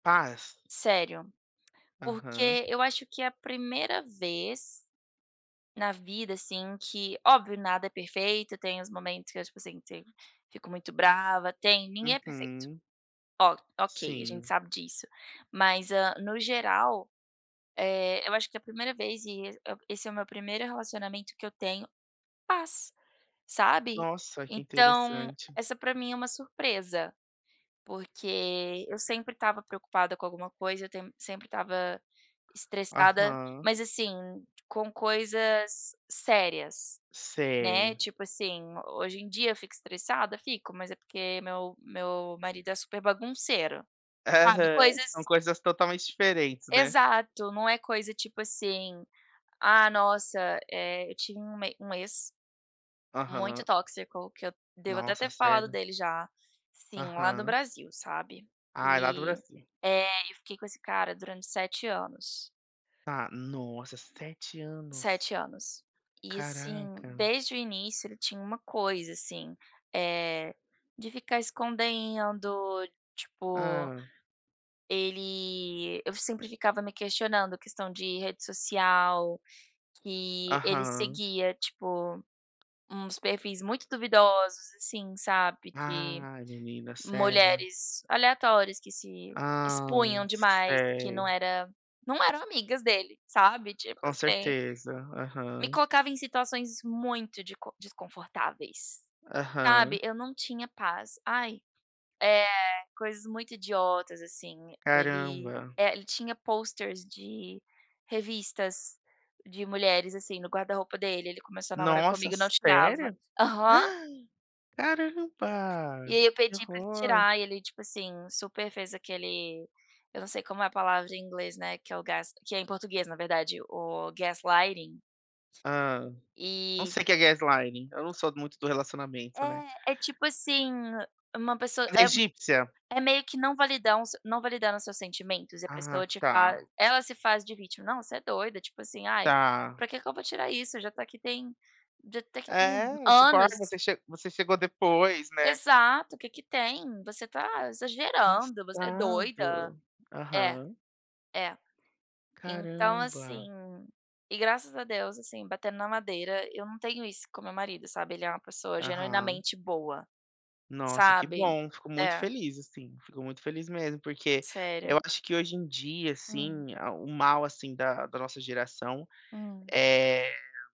Paz. Sério, Aham. porque eu acho que é a primeira vez na vida, assim, que, óbvio nada é perfeito, tem os momentos que eu, tipo assim, te fico muito brava, tem ninguém é perfeito. Uhum. O ok, a gente Sim. sabe disso. Mas, hã, no geral, eh, eu acho que é primeira vez, e es esse é o meu primeiro relacionamento que eu tenho paz, sabe. Nossa, que Então interessante. essa pra mim é uma surpresa, porque eu sempre estava preocupada com alguma coisa, eu te sempre estava estressada, Aham. mas, assim, com coisas sérias, né. Sei. Tipo assim, hoje em dia eu fico estressada? Fico, mas é porque meu meu marido é super bagunceiro, sabe, Aham, são coisas coisas totalmente diferentes, né. Exato. Não é coisa, tipo assim, ah, nossa, eh, eu tinha uma um ex muito Aham. tóxico, que eu devo até Nossa, ter falado sério? dele já sim, lá do Aham. Brasil, sabe. Ah, é lá do E, Brasil. eh, eu fiquei com esse cara durante 7 anos. Tá. Nossa, 7 anos. 7 anos e, assim, Caraca. desde o início ele tinha uma coisa, assim, eh, de ficar escondendo. Tipo, Hã. ele eu sempre ficava me questionando, questão de rede social, que ele Aham. seguia, tipo, uns perfis muito duvidosos, assim, sabe de Ai, menina, sério? mulheres aleatórias que se Ah, expunham demais, e que não sei. era não eram amigas dele, sabe, tipo Com assim. certeza. Me Aham. colocava em situações muito deco desconfortáveis, sabe. Aham. Eu não tinha paz, ai, eh, coisas muito idiotas, assim. Ele, Caramba. eh, ele tinha pôsteres de revistas de mulheres, assim, no guarda-roupa dele, ele começou a namorar Nossa, comigo, não tirava sério? aham. E Caramba, aí eu que pedi pra ele horror. tirar e ele, tipo assim, super fez aquele eu não sei como é a palavra em inglês, né, que é o gás que é em português na verdade, o gaslighting. Hã. Não E sei o que é gaslighting. Eu não sou muito do relacionamento, né. É, é, tipo assim, uma pessoa Fazer a é m egípcia? é meio que não validam o seu não validando os seus sentimentos, e a Ah, pessoa te fa tá. ela se faz de vítima: "Não, você é doida, tipo assim, ai, Tá. pra que que eu vou tirar isso? Já tá aqui tem já tá aqui tem É, tipo: "Ai, anos". você che você chegou depois", né. Exato. "Que que tem? Você tá exagerando. Você é doida". Passado! É, Aham. é! Então, assim, Caramba. e graças a Deus, assim, batendo na madeira, eu não tenho isso com o meu marido, sabe, ele é uma pessoa Aham. genuinamente boa, Nossa, que sabe. bom. Fico muito É. feliz, assim, fico muito feliz mesmo, porque eu Sério. acho que hoje em dia, Hum. assim, ah, o mal, assim, da da nossa geração Hum. é